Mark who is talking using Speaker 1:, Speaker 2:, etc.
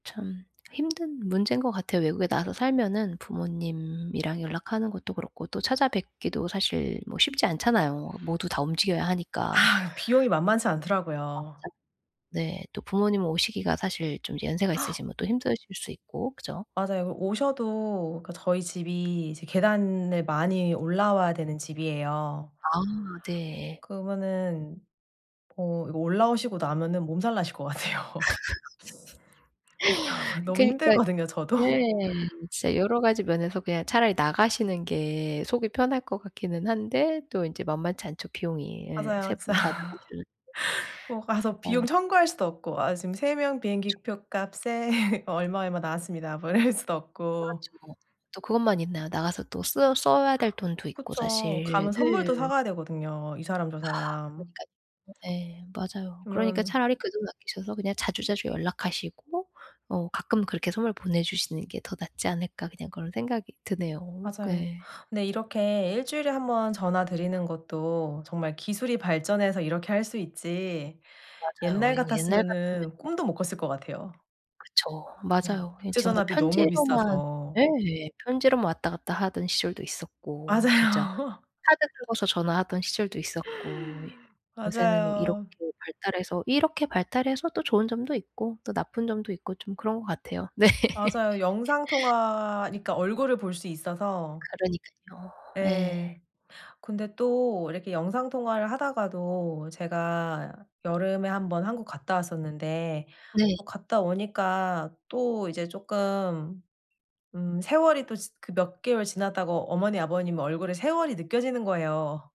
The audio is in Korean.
Speaker 1: 참 힘든 문제인 것 같아요. 외국에 나가서 살면은 부모님이랑 연락하는 것도 그렇고 또 찾아뵙기도 사실 뭐 쉽지 않잖아요. 모두 다 움직여야 하니까.
Speaker 2: 아. 비용이 만만치 않더라고요.
Speaker 1: [unintelligible] 네. 또 부모님 오시기가 사실 좀 연세가 있으시면 또 힘드실 수 있고. 그죠?
Speaker 2: 맞아요. 오셔도 그 저희 집이 이제 계단을 많이 올라와야 되는 집이에요.
Speaker 1: 아. 네.
Speaker 2: 그러면은 어 이거 올라오시고 나면은 몸살나실 것 같아요. 너무
Speaker 1: 그러니까
Speaker 2: 힘들거든요, 저도.
Speaker 1: 네. 진짜 여러가지 면에서 그냥 차라리 나가시는 게 속이 편할 것 같기는 한데 또 인제 만만치 않죠, 비용이. 예. 3
Speaker 2: 맞아요, 진짜.
Speaker 1: 분 다 나가주는
Speaker 2: 뭐 가서
Speaker 1: 어휴.
Speaker 2: 비용 청구할 수도 없고 "아. 지금 3 명 비행기 표 값에 뭐 얼마, 얼마 나왔습니다." 뭐 이럴 수도 없고.
Speaker 1: 그렇죠. 또 그것만 있나요? 나가서 또 쓰 써야 될 돈도 있고
Speaker 2: 그쵸.
Speaker 1: 사실.
Speaker 2: 가면 선물도 사
Speaker 1: 네.
Speaker 2: 가야 되거든요. 이 사람, 저 사람.
Speaker 1: 그러니까요. 예. 맞아요. 그러니까
Speaker 2: 그러면
Speaker 1: 차라리 그 돈 아끼셔서 그냥 자주자주 연락하시고. 어, '가끔 그렇게 선물 보내주시는 게 더 낫지 않을까?' 그냥 그런 생각이 드네요. 그
Speaker 2: 맞아요.
Speaker 1: 예.
Speaker 2: 근데 이렇게 1 주일에 1 번 전화 드리는 것도 정말 기술이 발전해서 이렇게 할 수 있지
Speaker 1: 맞아요.
Speaker 2: 옛날
Speaker 1: 그냥 옛날 같으면
Speaker 2: 같았으면은
Speaker 1: 뭐
Speaker 2: 꿈도 못 꿨을 것 같아요.
Speaker 1: 그쵸.
Speaker 2: 음.
Speaker 1: 맞아요. 예, 정말
Speaker 2: 국제전화비 너무
Speaker 1: 편지로만
Speaker 2: 비싸서.
Speaker 1: 예. 편지로만 왔다 갔다 하던 시절도 있었고. 진짜
Speaker 2: 맞아요.
Speaker 1: 카드 긁어서 전화하던 시절도 있었고. 예. 요새는 이렇게
Speaker 2: 맞아요.
Speaker 1: 발달해서, 이렇게 발달해서 또 좋은 점도 있고 또 나쁜 점도 있고 좀 그런 것 같아요. 네.
Speaker 2: 맞아요. 영상통화니까 얼굴을 볼 수 있어서.
Speaker 1: 그러니깐요.
Speaker 2: 예.
Speaker 1: 예.
Speaker 2: 근데 또 이렇게 영상통화를 하다가도 제가 여름에 한번 한국 갔다 왔었는데
Speaker 1: 네.
Speaker 2: 또 갔다 오니까 또 이제 쪼끔 음 세월이 또 지 그 몇 개월 지났다고 어머니, 아버님 얼굴에 세월이 느껴지는 거예요.